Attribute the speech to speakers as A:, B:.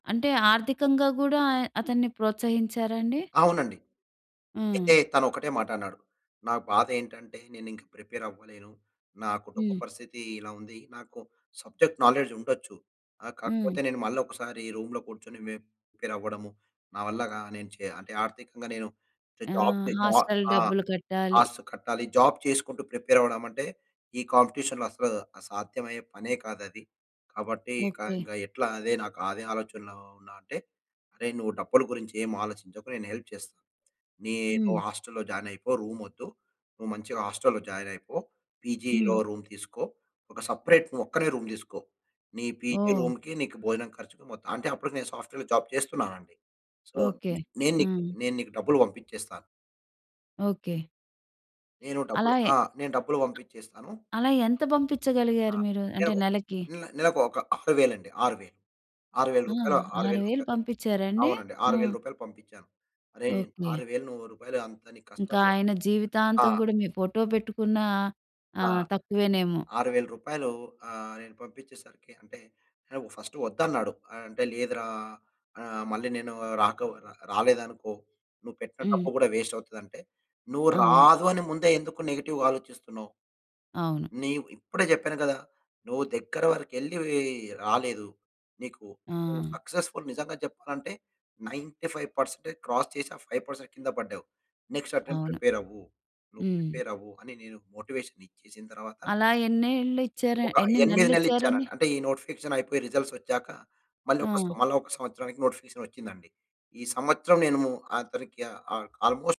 A: అంటే, ఆర్థికంగా గూడా అతన్ని ప్రోత్సహించారా అండి?
B: అవునండి. అయితే
A: హ్మ్.
B: తనొకటే మాటన్నాడు, "నా బాధేంటంటే, నేనింక ప్రిపేరవ్వలేను. నా కుటుంబ
A: హ్మ్.
B: పరిస్థితి ఇలా ఉంది. నాకు సబ్జెక్ట్ నాలెడ్జ్ ఉండచ్చు, ఆహ్, కాకపోతే
A: హ్మ్.
B: నేను మళ్ళొకసారి రూమ్‌లో కూర్చొని మేము ప్రిపేరవ్వ‌డము, నా వల్ల గా నేను చే అంటే, ఆర్థికంగా నేను చె
A: ఆ!
B: జాబ్ చె జ
A: హాస్టల్
B: ఆ!
A: డబ్బులు కట్టాలి.
B: ఆస్టల్‌కి కట్టాలి. జాబ్ చేసుకుంటూ ప్రిపేరవ్వడమంటే, ఈ కాంపిటిషన్‌లో అసలు ఆహ్, సాధ్యమయ్యే పనే కాదది. కాబట్టీ, ఇక,
A: ఓకే.
B: ఇంగ ఎట్లా అదే నాకదే ఆలోచనలో ఉన్నా" అంటే, అరే, నువ్వు డబ్బుల గురించి ఏం ఆలోచించకు, నేను హెల్ప్ చేస్ నే నువ్వు
A: హ్మ్.
B: హాస్టల్లో జాయినయిపో, రూమొద్దు. నువ్వు మంచిగా హాస్టల్లో జాయినయిపో, పీజీలో
A: హ్మ్.
B: రూమ్ తీసుకో. ఒక సపరేట్, నువ్వొక్కనివే రూమ్ తీసుకో. నీ పీజీ
A: ఓహ్!
B: రూమ్‌కి, నీకు భోజనం ఖర్చుకు మొత్తం అంటే, అప్పుడికి నేను సాఫ్ట్‌వేర్‌లో జాబ్ చేస్తున్నానండి. So,
A: okay.
B: నేను నీక్
A: ఆ!
B: నేను నీకు డబ్బులు పంపిచ్చేస్తా.
A: ఓకే.
B: నేను
A: అలా
B: డబ్బులు
A: ఎ
B: ఆ! డబ్బులు పంపిచ్చేస్తాను.
A: అలా ఎంత
B: ఆ!
A: పంపిచ్చగలిగారు మీరు, అంటే
B: నెలకొ
A: నెలకి?
B: నె నెలకు ఒక 6 వేలండి. 6,000. ఆరు వేలు
A: ఆ!
B: రూపాయలు, ఆరు
A: ఆరు
B: వేలు
A: వేలు
B: రూపాయలు.
A: పంపిచ్చారా అండి?
B: అవునండి. ఆరు వేల
A: హ్మ్.
B: రూపాయలు. పంపిచ్చాను. "అరే!
A: ఓకే.
B: 6,000 నువ్వు రూపాయలు, అంత నీకు
A: ఇంక
B: కష్టం రా.
A: ఆయన
B: ఆ!
A: జీవితాంతం గూడా మీ ఫోటో పెట్టుకున్నా
B: ఆ!
A: ఆహ్, తక్కువేనేమో.
B: రూ. 6,000 ఆహ్, నేను పంపిచ్చేసరికి అంటే, నెవ్ ఫస్ట్ ఒద్దన్నాడు. అ అంటే, "లేదురా. ఆహ్, మళ్ళీ నేను రాకో రాలేదనుకో, నువ్వు పెట్టిన
A: హ్మ్.
B: డబ్బు గూడా వేస్టవుతదంటే," నువ్వు
A: అవును.
B: రాదు అని ముందే ఎందుకు నెగెటివ్ ఆలోచిస్తున్నావు.
A: అవును.
B: నీవు ఇప్పుడే చెప్పాను కదా! నువ్వు దగ్గర వరకెళ్ళీ వ్ రాలేదు. నీకు, నువ్వు
A: ఆ!
B: సక్సెస్‌ఫుల్. నిజంగా చెప్పాలంటే, 95% క్రాస్ చేసి, ఆ 5% కింద పడ్డావు. నెక్స్ట్ అటెంప్ట్
A: అవును.
B: ప్రిపేరవ్వు. నువ్వు
A: హ్మ్.
B: ప్రిపేరవ్వు" అని నేను మోటివేషన్ ఇచ్చేసిన తర్వాత
A: అలా ఎన్నేళ్ళు ఇచ్చార
B: ఒక
A: ఎన్ని
B: 8
A: నెలలిచ్చారండి?
B: నెల్లిచ్చానండి. అంటే, ఈ నోటిఫికేషనయిపోయి, రిజల్సొచ్చాక మళ్ళొక స
A: ఆ!
B: మళ్ళా ఒక సంవత్సరానికి నోటిఫికేషనొచ్చిందండి. ఈ సంవత్సరం నేను అతనికి ఆహ్, ఆ ఆల్మోస్ట్